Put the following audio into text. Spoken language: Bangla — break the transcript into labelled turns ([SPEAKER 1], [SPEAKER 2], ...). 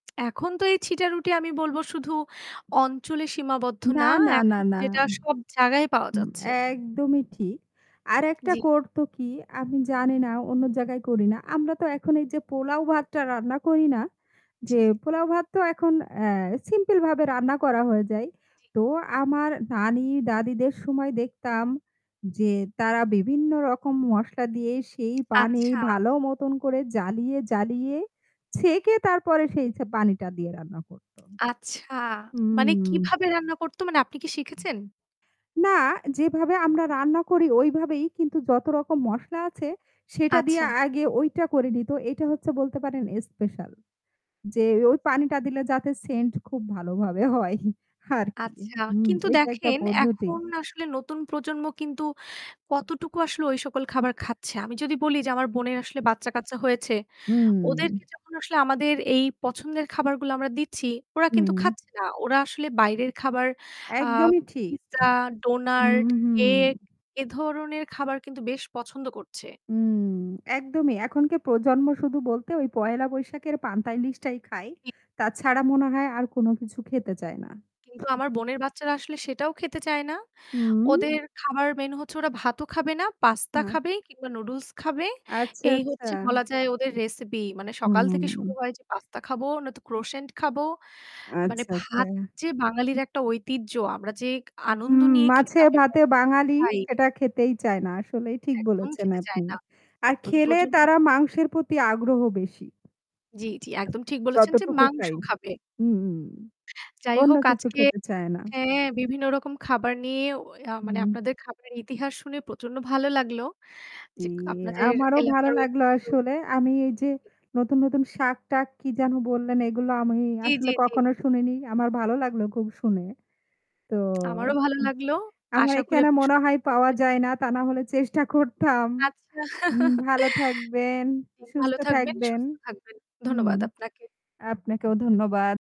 [SPEAKER 1] এখন তো এই ছিটা রুটি আমি বলবো শুধু অঞ্চলে সীমাবদ্ধ না
[SPEAKER 2] না, না, না,
[SPEAKER 1] এখন
[SPEAKER 2] না।
[SPEAKER 1] যেটা সব জায়গায় পাওয়া
[SPEAKER 2] উম
[SPEAKER 1] যাচ্ছে।
[SPEAKER 2] একদমই ঠিক। আরেকটা
[SPEAKER 1] জ্বী।
[SPEAKER 2] করতো কি? আমি জানি না অন্য জায়গায় করি না। আমরা তো এখন এই যে পোলাও ভাতটা রান্না করি না? যে
[SPEAKER 1] জি।
[SPEAKER 2] পোলাও ভাত তো এখন অ্যা সিম্পলভাবে রান্না করা হয়ে যায়।
[SPEAKER 1] জি।
[SPEAKER 2] তো আমার নানী দাদীদের সময় দেখতাম যে তারা বিভিন্ন রকম মশলা দিয়ে সেই পানি
[SPEAKER 1] আচ্ছা।
[SPEAKER 2] ভালো মতন করে জ্বালিয়ে, জ্বালিয়ে ছেঁকে তারপরে সেই ছে পানিটা দিয়ে রান্না করতো।
[SPEAKER 1] আচ্ছা, মানে
[SPEAKER 2] হুম।
[SPEAKER 1] কিভাবে রান্না করতো? মানে আপনি কি শিখেছেন?
[SPEAKER 2] না যেভাবে আমরা রান্না করি ওইভাবেই। কিন্তু যত রকম মসলা আছে সেটা দিয়ে
[SPEAKER 1] আচ্ছা।
[SPEAKER 2] আগে ওইটা করে নিত। এইটা হচ্ছে বলতে পারেন স্পেশাল যে ওই পানিটা দিলে যাতে scent খুব ভালোভাবে হয়। আরকি।
[SPEAKER 1] আচ্ছা,
[SPEAKER 2] উম
[SPEAKER 1] কিন্তু
[SPEAKER 2] এটা একটা
[SPEAKER 1] দেখেন
[SPEAKER 2] পদ্ধতি।
[SPEAKER 1] এখন আসলে নতুন প্রজন্ম কিন্তু কতটুকু আসলে ঐ সকল খাবার খাচ্ছে। আমি যদি বলি যে আমার বোনের আসলে বাচ্চা-কাচ্চা হয়েছে।
[SPEAKER 2] হুম।
[SPEAKER 1] ওদেরকে যখন আসলে আমাদের এই পছন্দের খাবারগুলা আমরা দিচ্ছি, ওরা কিন্তু
[SPEAKER 2] হুম।
[SPEAKER 1] খাচ্ছে না। ওরা আসলে বাইরের খাবার আ
[SPEAKER 2] একদমই ঠিক।
[SPEAKER 1] পিজ্জা,
[SPEAKER 2] হু,
[SPEAKER 1] ডোনাট,
[SPEAKER 2] হু।
[SPEAKER 1] কেক এ ধরনের খাবার কিন্তু বেশ পছন্দ করছে।
[SPEAKER 2] হুম, একদমই। এখনকার প্রজন্ম শুধু বলতে ওই পহেলা বৈশাখের পান্তা ইলিশটাই খাই। তাছাড়া মনে হয় আর কোন কিছু খেতে চায় না।
[SPEAKER 1] কিন্তু আমার বোনের বাচ্চারা আসলে সেটাও খেতে চায় না।
[SPEAKER 2] হুম।
[SPEAKER 1] ওদের খাবার মেইন হচ্ছে ওরা ভাতও খাবে না, পাস্তা
[SPEAKER 2] না।
[SPEAKER 1] খাবে কিংবা নুডলস খাবে।
[SPEAKER 2] আচ্ছা,
[SPEAKER 1] এই
[SPEAKER 2] আচ্ছা।
[SPEAKER 1] হচ্ছে বলা যায় ওদের রেসিপি। মানে সকাল থেকে শুরু
[SPEAKER 2] হুম।
[SPEAKER 1] হয় যে পাস্তা খাবো নয়তো crossant খাবো। মানে
[SPEAKER 2] আচ্ছা, আচ্ছা।
[SPEAKER 1] ভাত যে বাঙালির একটা ঐতিহ্য আমরা যে আনন্দ
[SPEAKER 2] উম
[SPEAKER 1] নিয়ে
[SPEAKER 2] মাছে
[SPEAKER 1] খেতাম এবং
[SPEAKER 2] ভাতে বাঙালি।
[SPEAKER 1] খাই।
[SPEAKER 2] সেটা খেতেই চায় না। আসলেই ঠিক
[SPEAKER 1] একদম
[SPEAKER 2] বলেছেন
[SPEAKER 1] খেতে চায়
[SPEAKER 2] আপনি।
[SPEAKER 1] না।
[SPEAKER 2] আর
[SPEAKER 1] নতুন
[SPEAKER 2] খেলে
[SPEAKER 1] প্রজন্ম তো
[SPEAKER 2] তারা মাংসের প্রতি আগ্রহ বেশি।
[SPEAKER 1] জ্বি, জ্বি। একদম ঠিক বলেছেন যে
[SPEAKER 2] যতটুকু
[SPEAKER 1] মাংস
[SPEAKER 2] ফ্রাই।
[SPEAKER 1] খাবে।
[SPEAKER 2] উম
[SPEAKER 1] যাই
[SPEAKER 2] অন্য
[SPEAKER 1] হোক
[SPEAKER 2] কিছু
[SPEAKER 1] আজকে
[SPEAKER 2] খেতে চায় না।
[SPEAKER 1] হ্যাঁ, বিভিন্ন রকম খাবার নিয়ে অ আ মানে
[SPEAKER 2] হুম।
[SPEAKER 1] আপনাদের খাবারের ইতিহাস শুনে প্রচন্ড ভালো লাগলো।
[SPEAKER 2] দি
[SPEAKER 1] যে আপনাদের
[SPEAKER 2] আমারও ভালো
[SPEAKER 1] এলাকার
[SPEAKER 2] লাগলো
[SPEAKER 1] ঐতিহ্য
[SPEAKER 2] আসলে। আমি এই যে নতুন, নতুন শাক-টাক কি যেন বললেন? এগুলো আমি
[SPEAKER 1] জ্বী,
[SPEAKER 2] আসলে
[SPEAKER 1] জ্বী, জ্বী।
[SPEAKER 2] কখনো শুনিনি। আমার ভালো লাগলো খুব শুনে। তো
[SPEAKER 1] আমারও ভালো
[SPEAKER 2] ও
[SPEAKER 1] লাগলো।
[SPEAKER 2] আমার
[SPEAKER 1] আশা করি
[SPEAKER 2] এখানে
[SPEAKER 1] আপনি
[SPEAKER 2] মনে
[SPEAKER 1] সুস্থ
[SPEAKER 2] হয় পাওয়া
[SPEAKER 1] থাকবে
[SPEAKER 2] যায় না। তা নাহলে চেষ্টা করতাম।
[SPEAKER 1] আচ্ছা।
[SPEAKER 2] উম ভালো থাকবেন,
[SPEAKER 1] জি, ভালো
[SPEAKER 2] সুস্থ
[SPEAKER 1] থাকবেন,
[SPEAKER 2] থাকবেন।
[SPEAKER 1] সুস্থ থাকবেন।
[SPEAKER 2] উম
[SPEAKER 1] ধন্যবাদ আপনাকে।
[SPEAKER 2] আপনাকেও ধন্যবাদ।